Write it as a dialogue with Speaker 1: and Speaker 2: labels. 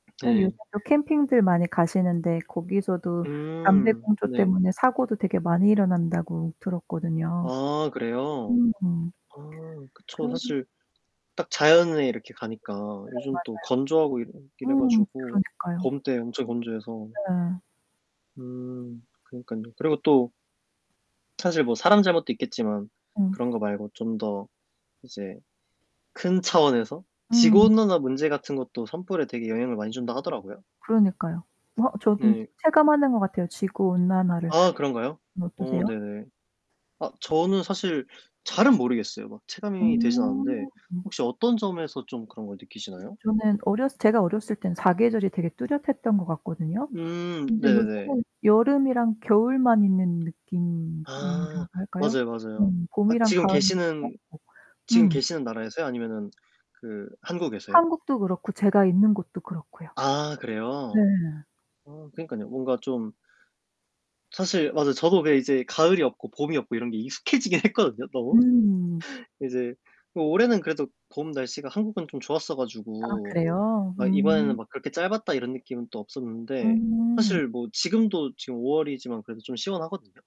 Speaker 1: 전
Speaker 2: 네.
Speaker 1: 요새도 캠핑들 많이 가시는데 거기서도
Speaker 2: 음
Speaker 1: 담배꽁초
Speaker 2: 네.
Speaker 1: 때문에 사고도 되게 많이 일어난다고 들었거든요.
Speaker 2: 아 그래요?
Speaker 1: 음.
Speaker 2: 아 그쵸.
Speaker 1: 그럼
Speaker 2: 사실 딱 자연에 이렇게 가니까
Speaker 1: 네
Speaker 2: 요즘 또
Speaker 1: 맞아요.
Speaker 2: 건조하고 이러 이래
Speaker 1: 음
Speaker 2: 가지고
Speaker 1: 그러니까요.
Speaker 2: 봄 때 엄청 건조해서.
Speaker 1: 네.
Speaker 2: 음 그러니깐요. 그리고 또 사실 뭐 사람 잘못도 있겠지만
Speaker 1: 음.
Speaker 2: 그런 거 말고 좀 더 이제 큰 차원에서
Speaker 1: 음.
Speaker 2: 지구온난화 문제 같은 것도 산불에 되게 영향을 많이 준다 하더라고요.
Speaker 1: 그러니까요. 어 저는
Speaker 2: 네.
Speaker 1: 체감하는 것 같아요 지구 온난화를.
Speaker 2: 아 그런가요?
Speaker 1: 선생님은
Speaker 2: 어
Speaker 1: 어떠세요?
Speaker 2: 네네. 아 저는 사실 잘은 모르겠어요. 막 체감이 되진 않는데
Speaker 1: 음.
Speaker 2: 혹시 어떤 점에서 좀 그런 걸 느끼시나요?
Speaker 1: 저는 어렸을 제가 어렸을 때는 사계절이 되게 뚜렷했던 것 같거든요.
Speaker 2: 음
Speaker 1: 근데
Speaker 2: 네네네.
Speaker 1: 요즘은 여름이랑 겨울만 있는
Speaker 2: 아
Speaker 1: 느낌이라고 할까요?
Speaker 2: 맞아요, 맞아요.
Speaker 1: 음.
Speaker 2: 아
Speaker 1: 봄이랑
Speaker 2: 지금
Speaker 1: 가을이
Speaker 2: 계시는
Speaker 1: 짧고.
Speaker 2: 지금
Speaker 1: 음.
Speaker 2: 계시는 나라에서요? 아니면은 그 한국에서요?
Speaker 1: 한국도 그렇고 제가 있는 곳도 그렇고요.
Speaker 2: 아
Speaker 1: 네.
Speaker 2: 그래요? 아 그니깐요. 뭔가 좀 사실 맞아요. 저도 왜 이제 가을이 없고 봄이 없고 이런 게 익숙해지긴 했거든요, 너무.
Speaker 1: 음.
Speaker 2: 이제 뭐 올해는 그래도 봄 날씨가 한국은 좀 좋았어
Speaker 1: 아
Speaker 2: 가지고
Speaker 1: 그래요?
Speaker 2: 막 이번에는
Speaker 1: 음.
Speaker 2: 막 그렇게 짧았다 이런 느낌은 또 없었는데
Speaker 1: 음.
Speaker 2: 사실 뭐 지금도 지금 5월이지만 그래도 좀 시원하거든요.